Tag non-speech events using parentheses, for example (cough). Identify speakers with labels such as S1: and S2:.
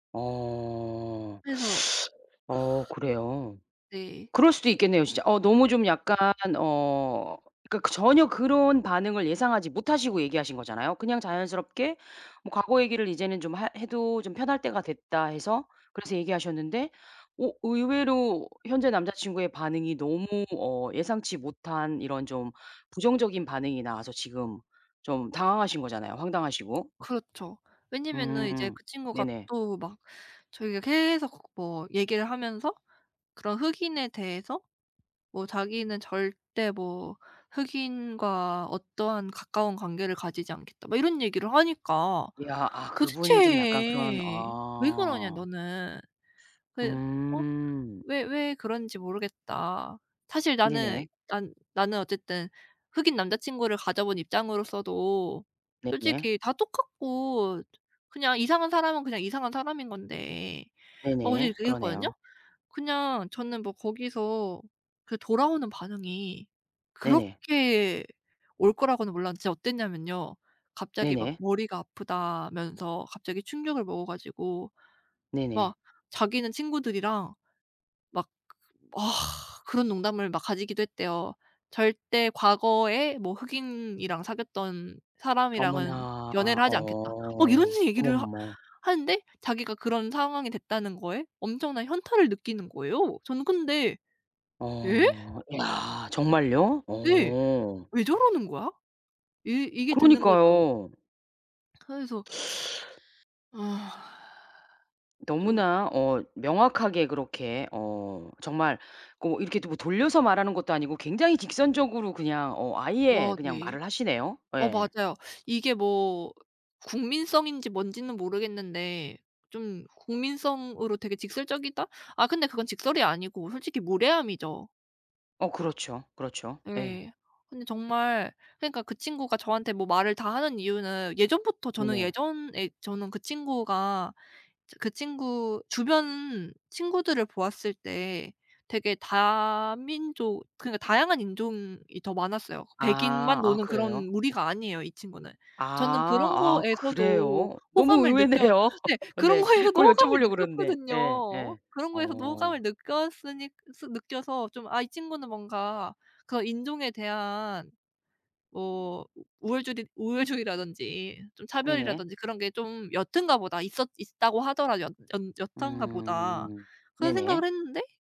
S1: 어.
S2: 그래서 (sighs)
S1: (sucks teeth) 어 그래요.
S2: 네.
S1: 그럴 수도 있겠네요. 진짜. 어 너무 좀 약간 어 그러니까 그 전혀 그런 반응을 예상하지 못하시고 얘기하신 거잖아요. 그냥 자연스럽게 뭐 '과거 얘기를 이제는 좀 하 해도 좀 편할 때가 됐다.' 해서 그래서 얘기하셨는데 어 의외로 현재 남자친구의 반응이 너무 어 예상치 못한 이런 좀 부정적인 반응이 나와서 지금 좀 당황하신 거잖아요 황당하시고.
S2: 그렇죠. 왜냐면은 이제
S1: 음
S2: 그 친구가
S1: 네네.
S2: 또 막 자기가 계속 뭐 얘기를 하면서 그런 흑인에 대해서 뭐 "자기는 절대 뭐 흑인과 어떠한 가까운 관계를 가지지 않겠다." 뭐 이런 얘기를 하니까
S1: 이야. 아 그분이 좀 약간 그런
S2: "도대체 왜 그러냐
S1: 어.
S2: 너는? 그 어
S1: 음.
S2: 왜, 왜 그러는지 모르겠다. 사실 나는
S1: 네네.
S2: 난 나는 어쨌든 흑인 남자친구를 가져 본 입장으로서도
S1: 네네.
S2: 솔직히 다 똑같고 그냥 이상한 사람은 그냥 이상한 사람인 건데." 막 어제
S1: 네네.
S2: 이렇게 얘기했거든요.
S1: 그러네요.
S2: 그냥 저는 뭐 거기서 그 돌아오는 반응이
S1: 네네.
S2: 그렇게 올 거라고는 몰랐는데 진짜 어땠냐면요. 갑자기 막
S1: 네네.
S2: 머리가 아프다면서 갑자기 충격을 먹어 가지고
S1: 네네.
S2: 막 자기는 친구들이랑 막 그 그런 농담을 막 가지기도 했대요. "절대 과거에 뭐 흑인이랑 사귀었던 사람이랑은
S1: 어머나
S2: 연애를 하지 않겠다." 막 이런
S1: 어
S2: 얘기를 하
S1: 어머머머.
S2: 하는데 자기가 그런 상황이 됐다는 거에 엄청난 현타를 느끼는 거예요. 저는 근데 "예?"
S1: 어 이야. 정말요?
S2: 네.
S1: 오.
S2: '왜 저러는 거야?' 이 이게 드는 거죠.
S1: 그러니까요.
S2: 그래서
S1: (sucks teeth)
S2: (sighs) 좀
S1: 너무나 어 명확하게 그렇게 어 정말 고 이렇게 또 뭐 돌려서 말하는 것도 아니고 굉장히 직선적으로 그냥 어 아예
S2: 와.
S1: 그냥
S2: 네.
S1: 말을 하시네요.
S2: 어
S1: 예.
S2: 맞아요. 이게 뭐 국민성인지 뭔지는 모르겠는데 좀 국민성으로 되게 직설적이다? 아 근데 그건 직설이 아니고 솔직히 무례함이죠.
S1: 어 그렇죠. 그렇죠. 예.
S2: 예. 근데 정말 그러니까 그 친구가 저한테 뭐 말을 다 하는 이유는 예전부터 저는
S1: 네네.
S2: 예전에 저는 그 친구가 저 그 친구 주변 친구들을 보았을 때 되게 다민족 그러니까 다양한 인종이 더 많았어요.
S1: 아.
S2: 백인만
S1: 아
S2: 노는
S1: 그래요?
S2: 그런 무리가 아니에요 이 친구는. 저는
S1: 아.
S2: 그런
S1: 아
S2: 거에서도
S1: 그래요? 너무
S2: 호감을 느껴
S1: 의외네요.
S2: 네
S1: (laughs)
S2: 그런
S1: 네.
S2: 거에서도
S1: 그걸
S2: 호감을
S1: 여쭤보려고 그랬는데. 예.
S2: 느꼈거든요.
S1: 예.
S2: 그런 거에서도
S1: 어.
S2: 호감을 느꼈으니 스 느껴서 좀 '아 이 친구는 뭔가 그 인종에 대한 뭐 우월주디 우월주의라든지 좀
S1: 네네.
S2: 차별이라든지 그런 게 좀 옅은가 보다. 있었 있다고 하더라도 옅 연 옅은가 보다.'
S1: 음.
S2: 그런
S1: 네네.
S2: 생각을 했는데